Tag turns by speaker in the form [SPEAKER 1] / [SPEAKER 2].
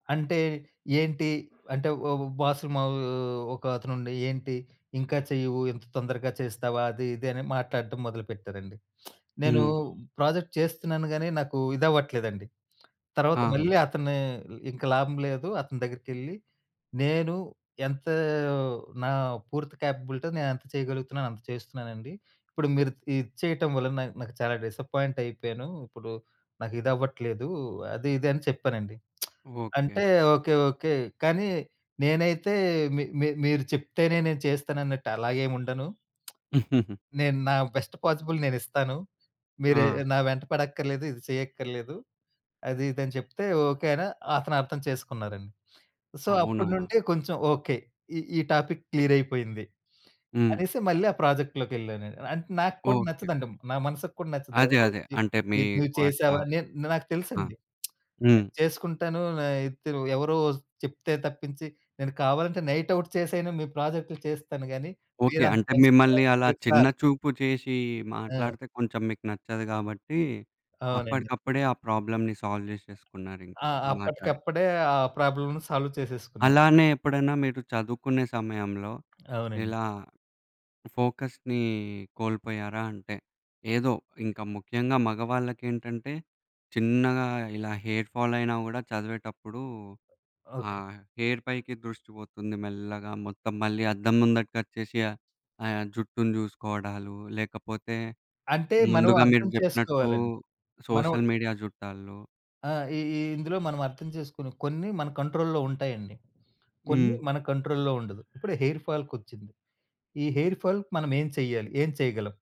[SPEAKER 1] అంటే ఏంటి అంటే ఓ ఓ బాస్ మా ఒక అతను ఉండి, "ఏంటి ఇంకా చెయ్యవు? ఎంత తొందరగా చేస్తావా? అది, ఇది" అని మాట్లాడటం మొదలుపెట్టారండి. నేను
[SPEAKER 2] హ్మ్.
[SPEAKER 1] ప్రాజెక్ట్ చేస్తున్నాను గానీ, నాకు ఇదవ్వట్లేదండి. తర్వాత
[SPEAKER 2] ఆహా!
[SPEAKER 1] మళ్ళీ అతనే, ఇ ఇంకా లాభం లేదు అని, అతని దగ్గరికెళ్లి నేను, "ఎంత నా పూర్తి క్యాపబిలిటీతో నేనంత చేయగలుగుతున్నానో, అంత చేస్తున్నానండి. ఇప్పుడు మీరు ఇది చేయటం వలన నా నాకు చాలా డిసప్పాయింట్ అయిపోయాను. ఇప్పుడు నాకిదవ్వట్లేదు. అది, ఇది" అని చెప్పానండి.
[SPEAKER 2] ఓకే.
[SPEAKER 1] అంటే, ఓకే, ఓకే. కానీ నేనైతే మీ మీ మీరు చెప్తేనే నేను చేస్తానన్నట్టు అలాగేముండను. నేను నా బెస్ట్ పాజిబుల్ నేనిస్తాను. మీరు ఎ
[SPEAKER 2] ఆ!
[SPEAKER 1] ఎ నా వెంట పడక్కర్లేదు. ఇది చేయక్కర్లేదు. అది, ఇది అని చెప్తే, "ఓకే." అనా అని అతను అర్థం చేసుకున్నారండి. సో, అప్పటి
[SPEAKER 2] అవునా?
[SPEAKER 1] నుండి కొంచెం, ఓకే. ఈ ఈ టాపిక్ క్లియర్ అయిపోయింది
[SPEAKER 2] హ్మ్.
[SPEAKER 1] అనేసి, మళ్ళీ ఆ ప్రాజెక్ట్‌లోకి వెళ్లానండి. అంటే నాకు కూడా
[SPEAKER 2] ఓకే. ఓకే.
[SPEAKER 1] నచ్చదండి. నా మనసుకి కూడా నచ్చదు.
[SPEAKER 2] అదే
[SPEAKER 1] ఎవరో
[SPEAKER 2] అదే.
[SPEAKER 1] వచ్చి,
[SPEAKER 2] అంటే మీ
[SPEAKER 1] "ఇది నువ్వు
[SPEAKER 2] వర్త
[SPEAKER 1] చేసావా?" నే నాకు
[SPEAKER 2] ఆ!
[SPEAKER 1] తెలుసండి.
[SPEAKER 2] హ్మ్.
[SPEAKER 1] నేను చేసుకుంటాను. అయ్ త ఎవరో చెప్తే తప్పించి, నేను కావాలంటే నైట్ ఔట్ చేసైనా మీ ప్రాజెక్టులు చేస్తాను గానీ,
[SPEAKER 2] ఓకే.
[SPEAKER 1] మీరంత
[SPEAKER 2] అంటే
[SPEAKER 1] టెన్షన్
[SPEAKER 2] మిమ్మల్ని అలా
[SPEAKER 1] పడట్లేదు
[SPEAKER 2] చిన్న
[SPEAKER 1] సార్.
[SPEAKER 2] చూపు చేశి
[SPEAKER 1] ఆ!
[SPEAKER 2] మాట్లాడితే కొంచెం మీకు నచ్చదు గాబట్టి
[SPEAKER 1] అవునండి.
[SPEAKER 2] అప్పడికప్పుడే, ఆ ప్రాబ్లమ్‌ని సాల్వ్ జేశేసుకున్నారింకా
[SPEAKER 1] ఆ!
[SPEAKER 2] మాట్లాడి.
[SPEAKER 1] అప్పటికప్పుడే ఆ ప్రాబ్లమ్‌ని సాల్వ్ చేసేసుకున్నాను.
[SPEAKER 2] అలానే ఎప్పుడైనా మీరు చదువుకునే సమయంలో
[SPEAKER 1] అవునండి.
[SPEAKER 2] ఇలా ఫోకస్‌ని కోల్పోయారా? అంటే ఏదో ఇంకా ముఖ్యంగా మగవాళ్ళకేంటంటే చిన్నగా ఇలా హెయిర్ ఫాల్ అయినా కూడా చదివేటప్పుడు
[SPEAKER 1] ఓకే.
[SPEAKER 2] ఆహ్, హెయిర్ పైకి దృష్టి పోతుంది. మెల్లగా మొత్తం మళ్ళీ అద్దం ముందటికి వచ్చేసి ఆహ్, జుట్టుని చూసుకోవడాలు, లేకపోతే
[SPEAKER 1] అంటే మనం
[SPEAKER 2] ముందుగా మీరు
[SPEAKER 1] అర్థం
[SPEAKER 2] జెప్పినట్టు
[SPEAKER 1] చేసుకోవాలండి. మనం
[SPEAKER 2] సోషల్ మీడియా చూట్టాల్లో
[SPEAKER 1] ఆ! ఈ ఈ ఇందులో మనం అర్థం చేసుకునే కొన్ని మన కంట్రోల్‌లో ఉంటాయండి. కొన్ని
[SPEAKER 2] హ్మ్.
[SPEAKER 1] మన కంట్రోల్‌లో ఉండదు. ఇప్పుడే హెయిర్ ఫాల్‌కొచ్చింది. ఈ హెయిర్ ఫాల్‌కి మనమేం చెయ్యాలి? ఏం చేయగలం?